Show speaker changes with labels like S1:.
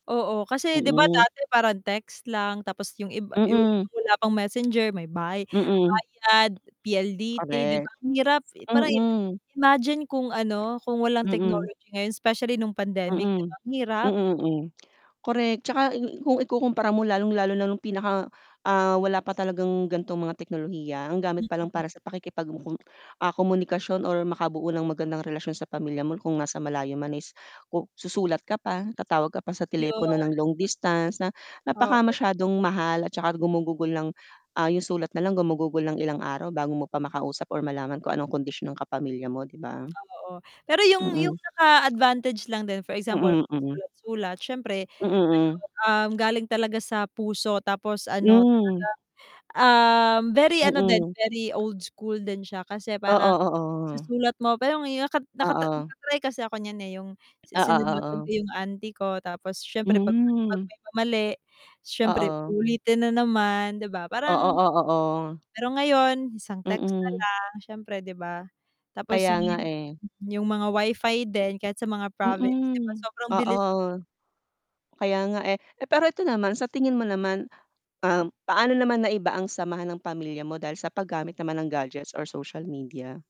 S1: Oo kasi 'di ba
S2: Mm.
S1: dati parang text lang? Tapos yung iba
S2: Mm.
S1: [unintelligible] wala pang Messenger may bay
S2: Mm.
S1: bayad PLDT di ba?
S2: Correct,
S1: Ang hirap. Parang
S2: mm.
S1: imagine? Kung ano? Kung walang
S2: Mm.
S1: technology specially nung pandemic 'di ba?
S2: Mm,
S1: Ang hirap.
S2: mm, mm, correct tsaka kung ikukumpara mo lalong-lalo na nung pinaka ah wala pa talagang ganitong mga teknolohiya. Ang gamit pa lang
S1: Mhm.
S2: para sa pakikipag komunikasyon or makabuo ng magandang relasyon sa pamilya mo kung nasa malayo man is, ku susulat ka pa, tatawag ka pa sa telepono
S1: Ayun.
S2: ng long distance na napaka
S1: Oo.
S2: masyadong mahal at saka gumugugol ng ah yung sulat na lang gumugugol ng ilang araw bago mo pa makausap or malaman kung anong kondisyon ng kapamilya mo 'di ba?
S1: Oo, pero yung yung
S2: Mm.
S1: pinaka advantage advantag lang din, for example
S2: Mm,
S1: mag
S2: mm.
S1: sulat-sulat siyempre ano
S2: Mm, hmm.
S1: ahm galing talaga sa puso tapos ano? talagang
S2: Hmm.
S1: ah, very ano din,
S2: Mm.
S1: very old school din siya. Kasi parang
S2: Oo, oo.
S1: susulat mo. Pero ngayo nak nak
S2: Oo.
S1: naka-try kasi ako nyan, eh yung
S2: Oo,
S1: sinulatan ko
S2: oo.
S1: yung auntie ko. Tapos siyempre 'pag 'pag
S2: Hmm.
S1: may mali, siyempre
S2: Oo.
S1: ulitin na naman, 'di ba
S2: Oo,
S1: parang?
S2: oo, oo.
S1: Pero ngayon? Isang text na
S2: Mm.
S1: lang siyempre 'di ba? Tapos
S2: Kaya nga eh.
S1: [unintelligible] yung mga WiFi din kahit sa mga province 'di ba?
S2: Mm,
S1: Sobrang
S2: oo,
S1: bilis.
S2: kaya nga eh. Eh, pero 'eto naman sa tingin mo naman um, paano naman naiba ang samahan ng pamilya mo dahil sa paggamit naman ng gadgets or social media?